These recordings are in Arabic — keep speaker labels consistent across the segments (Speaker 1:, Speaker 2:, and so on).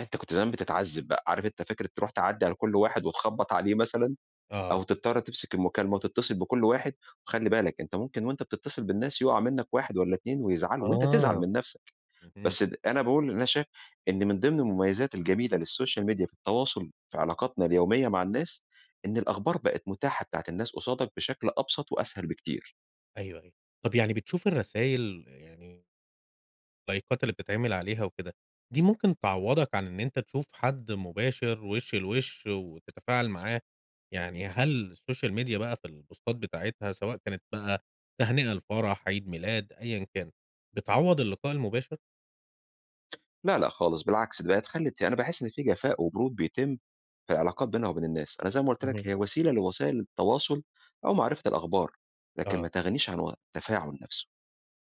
Speaker 1: أنت كنت زمان بتتعذب بقى، عارف أنت فكرة تروح تعدّي على كُلّ واحد وتخبّط عليه مثلًا أو
Speaker 2: آه.
Speaker 1: تضطر تمسك المكالمة وتتصل بكُلّ واحد، وخلِّ بالك أنت ممكن وأنت بتتصل بالناس يُقع منك واحد والّا اتنين ويزعلوا وأنت تزعل
Speaker 2: آه،
Speaker 1: من نَفسك،
Speaker 2: اهم.
Speaker 1: بس د أنا باقول إن أنا شا إن من ضمن المميزات الجميلة للسوشيال ميديا في التواصل في علاقاتنا اليومية مع الناس إن الأخبار بقت متاحة بتاعة الناس قصادك بشكل أبسط وأسهل بكتير.
Speaker 2: أيوه أيوه، طَب يعني بتشوف الرسايل يعني لايكات اللي بتتعمِل عليها وكده، دي ممكن تعوضك عن إن أنت تشوف حد مباشر وش لوش وتتفاعل معاه، يعني هل السوشيال ميديا بقى في البوستات بتاعتها، سواء كانت بقى تهنئة لفرح، عيد ميلاد، أيًا كان، بتعوض اللقاء المباشر؟
Speaker 1: لا لأ خالص بالعكس، دي بقت خلّت يع أنا باحس إن في جفاء وبرود بيتم في العلاقات بينها وبين الناس، أنا زي ما قُلت لك
Speaker 2: اهم.
Speaker 1: هي وسيلة لوسائل التواصل أو معرفة الأخبار، لكن
Speaker 2: أها.
Speaker 1: ما تغنِيش عن و التفاعل نَفسه،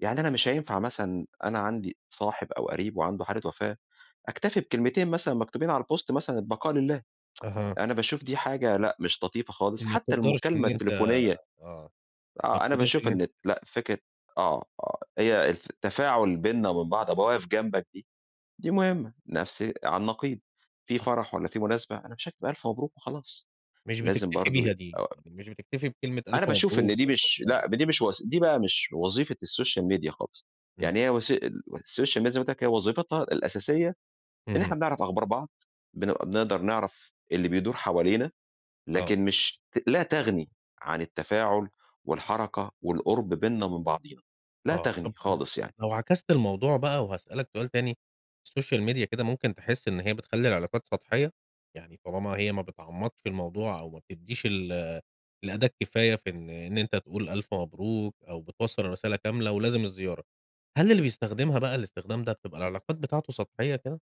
Speaker 1: يعني أنا مش هينفع مثلًا أنا عندي صاحب أو قريب وعنده حالة وفاة أكتفي بكلمتين مثلًا مكتوبين على الpost مثلًا، البقاء لله،
Speaker 2: أها.
Speaker 1: أنا باشوف دي حاجة لأ مش لطيفة خالص،
Speaker 2: ما
Speaker 1: حتى
Speaker 2: بتقدرش
Speaker 1: المكالمة
Speaker 2: إن أنت
Speaker 1: التليفونية
Speaker 2: آه، ما
Speaker 1: آه، أنا
Speaker 2: تقدرش
Speaker 1: باشوف
Speaker 2: إن أنت.
Speaker 1: إن
Speaker 2: [unintelligible]
Speaker 1: لأ، فكرة آه آه، هي الف التفاعل بيننا وبين بعض، ابقى واقف جنبك دي دي مهمة، نَفسي على النقيض في
Speaker 2: آه.
Speaker 1: فرح والّا في مناسبة أنا مش هاكب ألف مبروك وخلاص،
Speaker 2: مش
Speaker 1: لازم
Speaker 2: بتكتفي
Speaker 1: برضو ي
Speaker 2: بيها
Speaker 1: أ
Speaker 2: دي، مش بتكتفي بكلمة
Speaker 1: أنا
Speaker 2: ألف
Speaker 1: باشوف إن
Speaker 2: مبروك.
Speaker 1: دي مش
Speaker 2: [unintelligible]
Speaker 1: لأ دي مش وس دي بقى مش وظيفة السوشيال ميديا خالص،
Speaker 2: إمم.
Speaker 1: يعني هي وس ال السوشيال ميديا زي ما قُلت لك هي وظيفتها الأساسية إن إحنا
Speaker 2: اهم.
Speaker 1: بنعرف أخبار بعض، بنبقى بنقدر نعرف اللي بيدور حوالينا،
Speaker 2: آه.
Speaker 1: لكن مش ت لا تُغني عن التفاعل والحركة والقرب بيننا وبين بعضينا، لا
Speaker 2: آه،
Speaker 1: تُغني
Speaker 2: طَب
Speaker 1: خالص
Speaker 2: طَب،
Speaker 1: يعني.
Speaker 2: لو عكست الموضوع بقى وهاسألك سؤال تاني، السوشيال ميديا كده ممكن تحس إن هي بتخلّي العلاقات سطحية؟ يعني طالما هي ما بتعمقش الموضوع أو ما بتدّيش ال الأداة الكفاية في إن إن أنت تقول ألف مبروك أو بتوصّل الرسالة كاملة ولازم الزيارة، هل اللي بيستخدمها بقى الاستخدام ده بتبقى العلاقات بتاعته سطحية كده؟